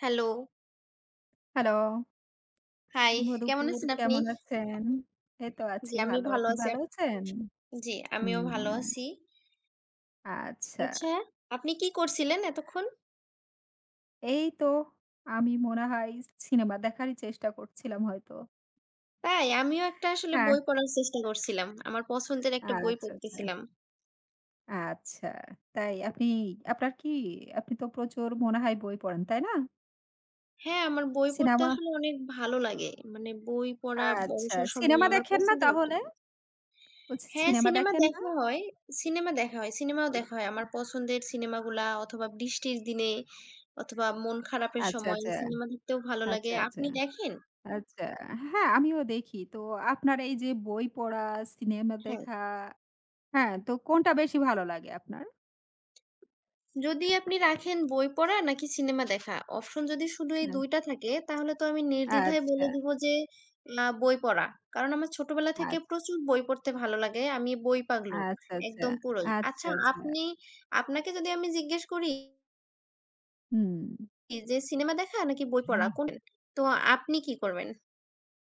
Hello! Hello! High! শুভ কেমন দুপুর। আছেন আপনি? কেমন আছেন? এই তো আছি জি, আমি ভালো। ভালো আপনি আছি ভালো আর আছেন? জি, আমিও ভালো উম আছি। আচ্ছা। আচ্ছা, আপনি কি করছিলেন এতক্ষণ? এই তো, আমি মনে হয় সিনেমা দেখারই চেষ্টা করছিলাম হয়তো। তাই, আমিও একটা আসলে হ্যাঁ। বই পড়ার চেষ্টা করছিলাম। আমার পছন্দের একটা বই আচ্ছা, আচ্ছা। পড়তেছিলাম। আচ্ছা, তাই। আপনি, আপনার কি? আপনি তো প্রচুর মনে হয় বই পড়েন, তাই না? হ্যাঁ, আমার বই পড়তে সিনেমা। আসলে অনেক ভালো লাগে। মানে বই পড়া আচ্ছা, অবসর সময়ে সিনেমা আমার দেখেন না পছন্দের একটা তাহলে? কাজ। বলছি হ্যাঁ, সিনেমা সিনেমা দেখেন না? দেখা হয়, সিনেমা দেখা হয়, সিনেমাও দেখা হয়। আমার পছন্দের সিনেমাগুলা অথবা বৃষ্টির দিনে অথবা মন খারাপের আচ্ছা, সময়ে আচ্ছা। সিনেমা দেখতেও ভালো লাগে। আচ্ছা, আচ্ছা। আপনি দেখেন? আচ্ছা, আ হ্যাঁ, আমিও দেখি। তো আপনার এই যে, বই পড়া, সিনেমা হ্যাঁ। দেখা। হ্যাঁ, তো কোনটা বেশি ভালো লাগে আপনার? যদি আপনি রাখেন, বই পড়া নাকি সিনেমা দেখা, অপশন যদি শুধু এই আ ২ টা থাকে তাহলে তো আমি নির্দ্বিধায় বলে আচ্ছা। দিব যে, না, বই পড়া। কারণ আমার ছোটবেলা থেকে আচ্ছা। প্রচুর বই পড়তে ভালো লাগে। আমি বই পাগলু, আচ্ছা, আচ্ছা। একদম পুরোই। আচ্ছা, আচ্ছা আচ্ছা। আপনি, আপনাকে যদি আমি জিজ্ঞেস করি... হুম। যে সিনেমা দেখা নাকি বই পড়া কোনটা? তো আপনি কি করবেন?